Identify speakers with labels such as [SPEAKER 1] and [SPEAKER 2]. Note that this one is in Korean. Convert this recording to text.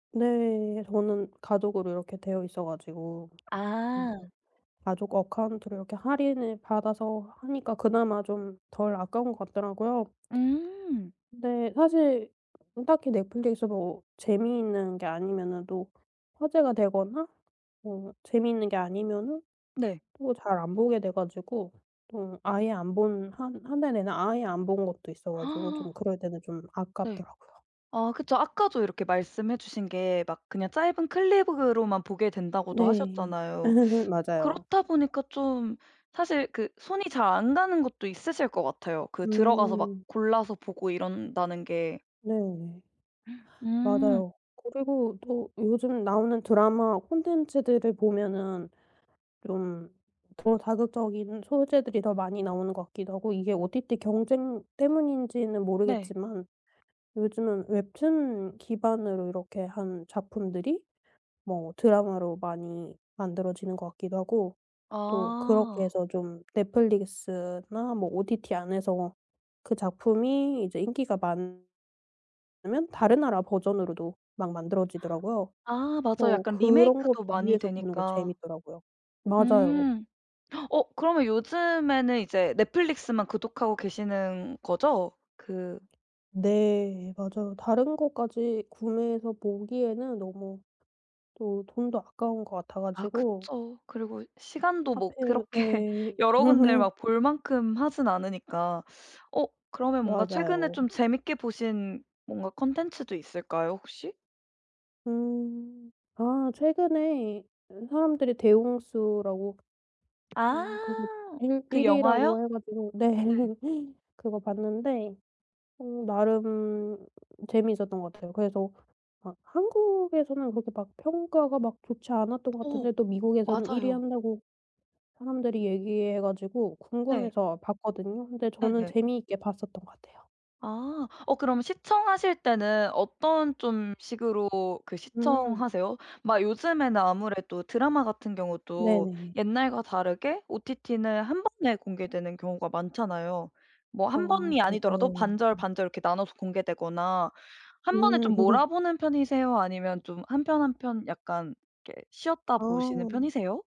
[SPEAKER 1] 네. 저는 가족으로 이렇게 되어있어 가지고 근데
[SPEAKER 2] 아.
[SPEAKER 1] 가족 어카운트로 이렇게 할인을 받아서 하니까 그나마 좀 덜 아까운 것 같더라고요.
[SPEAKER 2] 음.
[SPEAKER 1] 근데 사실 음 딱히 넷플릭스도 재미있는 게 아니면은 또 화제가 되거나 뭐 재미있는 게 아니면은
[SPEAKER 2] 네.
[SPEAKER 1] 또 잘 안 보게 돼 가지고 또 아예 안 본 한 1 달 내내 아예 안 본 것도 있어 가지고 좀 그럴 때는 좀
[SPEAKER 2] 네.
[SPEAKER 1] 아깝더라고요.
[SPEAKER 2] 아 그쵸. 아까도 이렇게 말씀해 주신 게 막 그냥 짧은 클립으로만 보게 된다고도
[SPEAKER 1] 네.
[SPEAKER 2] 하셨잖아요.
[SPEAKER 1] 맞아요.
[SPEAKER 2] 그렇다 보니까 좀 사실 그 손이 잘 안 가는 것도 있으실 것 같아요. 그 들어가서 막
[SPEAKER 1] 음.
[SPEAKER 2] 골라서 보고 이런다는 게.
[SPEAKER 1] 네 네.
[SPEAKER 2] 음.
[SPEAKER 1] 맞아요. 그리고 또 요즘 나오는 드라마 콘텐츠들을 보면은 좀 더 자극적인 소재들이 더 많이 나오는 것 같기도 하고 이게 OTT 경쟁 때문인지는
[SPEAKER 2] 네.
[SPEAKER 1] 모르겠지만 요즘은 웹툰 기반으로 이렇게 한 작품들이 뭐 드라마로 많이 만들어지는 것 같기도 하고 또 그렇게
[SPEAKER 2] 아.
[SPEAKER 1] 해서 좀 넷플릭스나 뭐 OTT 안에서 그 작품이 이제 인기가 많으 면 다른 나라 버전으로도 막 만들어지더라고요.
[SPEAKER 2] 아 맞아요.
[SPEAKER 1] 그래서
[SPEAKER 2] 약간
[SPEAKER 1] 그런 거
[SPEAKER 2] 리메이크도 많이
[SPEAKER 1] 비교해서 보는 거
[SPEAKER 2] 되니까.
[SPEAKER 1] 재밌더라고요. 맞아요.
[SPEAKER 2] 음. 어 그러면 요즘에는 이제 넷플릭스만 구독하고 계시는 거죠? 그
[SPEAKER 1] 네 맞아요. 다른 것까지 구매해서 보기에는 너무 또 돈도 아까운 것 같아
[SPEAKER 2] 아
[SPEAKER 1] 가지고
[SPEAKER 2] 그쵸. 그리고 시간도 뭐
[SPEAKER 1] 하필
[SPEAKER 2] 그렇게
[SPEAKER 1] 예.
[SPEAKER 2] 여러 군데 막 볼 만큼 하진 않으니까. 어 그러면 뭔가 최근에
[SPEAKER 1] 맞아요.
[SPEAKER 2] 좀 재밌게 보신 뭔가 콘텐츠도 있을까요, 혹시?
[SPEAKER 1] 음. 아 최근에 어 사람들이 대홍수라고
[SPEAKER 2] 아
[SPEAKER 1] 음 거기 일
[SPEAKER 2] 그
[SPEAKER 1] 1
[SPEAKER 2] 영화요?
[SPEAKER 1] 위라고 해 가지고 네
[SPEAKER 2] 네.
[SPEAKER 1] 그거 봤는데 음 나름 재미있었던 것 같아요. 그래서 아 한국에서는 그렇게 막 평가가 막 좋지 않았던 것
[SPEAKER 2] 어
[SPEAKER 1] 같은데 또 미국에서는 1 위
[SPEAKER 2] 맞아요.
[SPEAKER 1] 한다고 사람들이 얘기해 가지고
[SPEAKER 2] 네.
[SPEAKER 1] 궁금해서 봤거든요. 근데 저는
[SPEAKER 2] 네네.
[SPEAKER 1] 재미있게 봤었던 것 같아요.
[SPEAKER 2] 아. 어 그럼 시청하실 때는 어떤 좀 식으로 그
[SPEAKER 1] 음.
[SPEAKER 2] 시청하세요? 막 요즘에는 아무래도 드라마 같은 경우도
[SPEAKER 1] 네네.
[SPEAKER 2] 옛날과 다르게 OTT는 1 번에 공개되는 경우가 많잖아요. 뭐
[SPEAKER 1] 어
[SPEAKER 2] 1 번이
[SPEAKER 1] 맞아요.
[SPEAKER 2] 아니더라도 반절,
[SPEAKER 1] 음.
[SPEAKER 2] 반절 이렇게 나눠서 공개되거나 1 번에
[SPEAKER 1] 음.
[SPEAKER 2] 좀 몰아보는 편이세요? 아니면 좀 1 편, 1 편 약간 이렇게 쉬었다 보시는
[SPEAKER 1] 아.
[SPEAKER 2] 편이세요?